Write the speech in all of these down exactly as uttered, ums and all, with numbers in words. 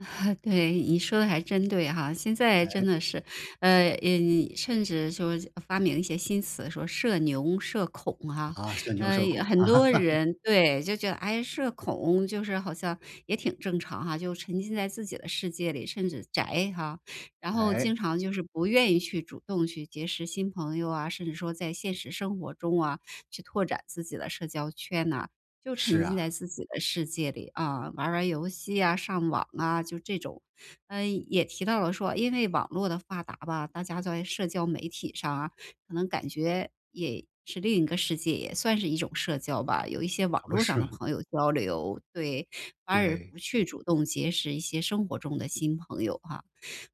对，你说的还真对哈。现在真哎。的是，呃嗯，甚至说发明一些新词说社牛，社恐哈。啊，社牛呃，社恐。很多 人对，就觉得，哎，社恐就是好像也挺正常哈，就沉浸在自己的世界里，甚至宅哈。然后哎。经常就是不愿意去主动去结识新朋友啊，甚至说在现实生活中啊，去拓展自己的社交圈呐，就是沉浸啊。在自己的世界里啊，玩玩游戏啊，上网啊，就这种。嗯，也提到了说因为网络的发达吧，大家在社交媒体上啊，可能感觉也是另一个世界，也算是一种社交吧，有一些网可不络上是的吗。朋友交流，对。反耳对。不去主动结识一些生活中的新朋友哈。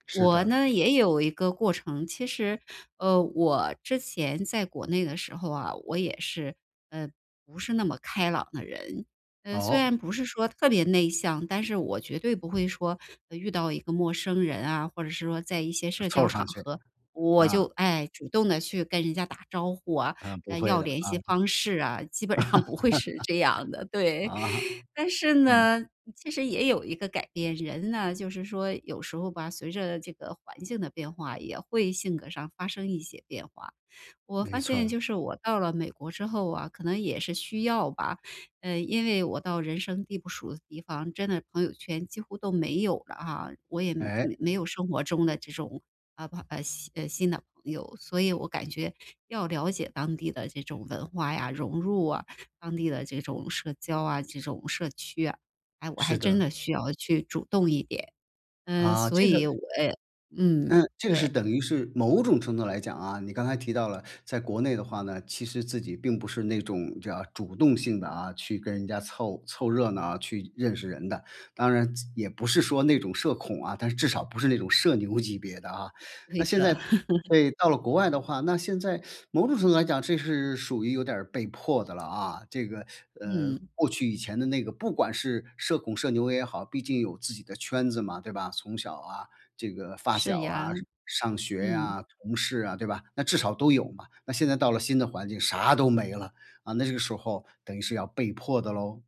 是我的。呢也有一个过程，其实，呃，我之前在国内的时候啊，我也是，呃，不是那么开朗的人。呃，虽哦。然不是说特别内向，但是我绝对不会说，呃，遇到一个陌生人啊，或者是说在一些社交凑场上去，合，我就，啊。哎，主动地去跟人家打招呼啊，嗯，不呃，会要的，联啊。系方式啊，基本上 不会是这样的，对。啊，但是嗯。呢，其实也有一个改变，人呢，就是说有时候吧，随着这个环境的变化也会性格上发生一些变化。我没发错现儿。就是我到了美国之后啊，可能也是需要吧，嗯。因为我到人生地不熟的地方，真的朋友圈几乎都没有了啊，我也哎。没有生活中的这种，呃朋，呃新呃，新的朋友。所以我感觉要了解当地的这种文化呀，融入啊，当地的这种社交啊，这种社区啊，哎，我还是真的。的需要去主动一点，嗯，啊，所这以个我呃，嗯，嗯，这个是对。等于是某种程度来讲啊，你刚才提到了在国内的话呢，其实自己并不是那种叫主动性地啊，去跟人家凑凑热闹啊，去认识人的。当然也不是说那种社恐啊，但是至少不是那种社牛级别的啊。那对现的。在 对，到了国外的话，那现在某种程度上来讲，这是属于有点儿被迫的了啊，这个，呃，嗯。过去以前的那个不管是社恐社牛也好，毕竟有自己的圈子嘛，对吧？从小啊这个发是小啊，呀。上学嗯。呀，同事啊，对吧？那至少都有嘛，那现在到了新的环境啥都没了，啊，那这个时候等于是要被迫的咯。